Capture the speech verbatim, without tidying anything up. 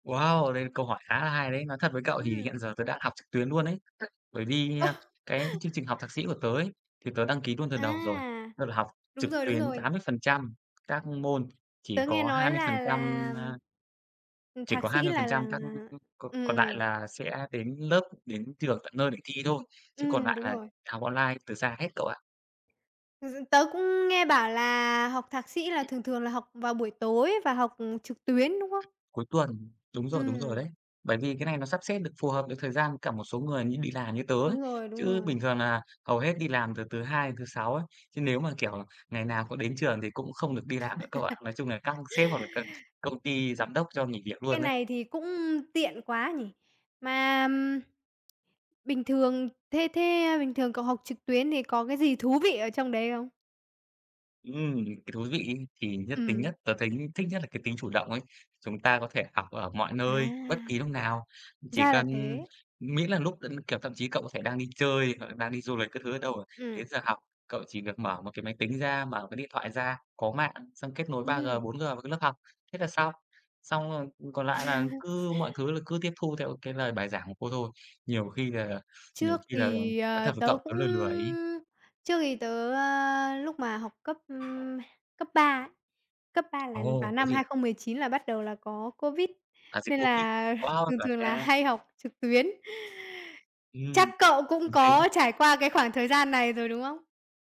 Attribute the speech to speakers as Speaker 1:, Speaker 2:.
Speaker 1: Wow! Đây là câu hỏi khá là hay đấy. Nói thật với cậu thì
Speaker 2: Ừm.
Speaker 1: hiện giờ tớ đã học trực tuyến nuôn ấy. Bởi
Speaker 2: Ơ.
Speaker 1: vì, à, cái chương trình học thạc sĩ của tớ ấy thì tớ đăng ký nuôn từ đầu rồi.
Speaker 2: À.
Speaker 1: Tức là học
Speaker 2: Đúng
Speaker 1: trực
Speaker 2: rồi, đúng
Speaker 1: tuyến
Speaker 2: rồi.
Speaker 1: tám mươi phần trăm các môn, chỉ
Speaker 2: Tớ nghe
Speaker 1: có hai
Speaker 2: nói
Speaker 1: mươi phần
Speaker 2: là là
Speaker 1: trăm, a
Speaker 2: ừm,
Speaker 1: chỉ
Speaker 2: Thạc
Speaker 1: có hai
Speaker 2: sĩ
Speaker 1: mươi phần
Speaker 2: là là
Speaker 1: trăm các cò
Speaker 2: ừm,
Speaker 1: còn lại
Speaker 2: ừm.
Speaker 1: là sẽ đến lớp, đến trường tận nơi để thi thôi, chứ còn
Speaker 2: Ừm,
Speaker 1: nại
Speaker 2: đúng
Speaker 1: là
Speaker 2: rồi.
Speaker 1: học online từ xa hết cậu ạ.
Speaker 2: Thực sự tớ cũng nghe bảo là học Thạc sĩ là thường thường là học vào buổi tối và học, ừ, trực tuyến, đúng không?
Speaker 1: Cuối tuần. Đúng rồi, đúng rồi đấy.
Speaker 2: Ừm.
Speaker 1: Bởi vì cái này nó sắp xếp được phù hợp với thời gian cả một số người như đi làm, như tớ ấy.
Speaker 2: Đúng rồi, đúng
Speaker 1: Chứ
Speaker 2: rồi.
Speaker 1: bình thường nà hầu hết đi làm từ thứ hai đến thứ sáu ấy, chứ nếu mà, kiểu, ngày nào cũng đến trường thì cũng không được đi làm nữa, cậu ạ. Nói chung là các sếp hoặc là các công ty, giám đốc cho nghỉ việc
Speaker 2: Cái
Speaker 1: luôn ấy.
Speaker 2: này thì cũng tiện quá nhỉ? Mà, ừm, bình thường, thế thế, à, bình thường cậu học trực tuyến thì có cái gì thú vị ở trong đấy không?
Speaker 1: Ừm. Cái thú vị ấy thì nhất tính
Speaker 2: Ừm.
Speaker 1: nhất, tớ thấy thích nhất là cái tính chủ động ấy. Chúng ta có thể học ở mọi nơi, bất
Speaker 2: À!
Speaker 1: kỳ lúc nào. Chỉ
Speaker 2: Ra là
Speaker 1: cần
Speaker 2: thế.
Speaker 1: ừm, miễn là lúc đ kiểu, thậm chí cậu có thể đang đi chơi hoặc là đang đi du lịch các thứ ở đâu, đến
Speaker 2: Ừm.
Speaker 1: giờ học, cậu chỉ việc mở một cái máy tính ra, mở cái điện thoại ra, có mạng, xong kết nối 3G,
Speaker 2: Ừm.
Speaker 1: 4G vào cái lớp học, thế là xong. Xong rồi, ừm, còn lại là cứ mọi thứ là cứ tiếp thu theo cái lời bài giảng của cô thôi. Nhiều khi là nhiều
Speaker 2: Trước
Speaker 1: khi là,
Speaker 2: thì,
Speaker 1: nói
Speaker 2: ờ,
Speaker 1: thật với
Speaker 2: tớ
Speaker 1: cậu tớ
Speaker 2: cũng
Speaker 1: lười lười ấy.
Speaker 2: trước thì tớ, à, lúc mà học cấp, ừm, cấp ba ấy. Cấp ba là vào
Speaker 1: Ồ! Có
Speaker 2: năm
Speaker 1: gì
Speaker 2: hai
Speaker 1: ạ?
Speaker 2: không mười chín là bắt đầu là có Covid,
Speaker 1: À, dịch
Speaker 2: nên
Speaker 1: Covid.
Speaker 2: là
Speaker 1: Wow,
Speaker 2: thường
Speaker 1: chuẩn
Speaker 2: thường là
Speaker 1: nha!
Speaker 2: hay học trực tuyến. Chắc
Speaker 1: Ừm.
Speaker 2: cậu cũng
Speaker 1: [unintelligible]
Speaker 2: có trải qua cái khoảng thời gian này rồi, đúng không?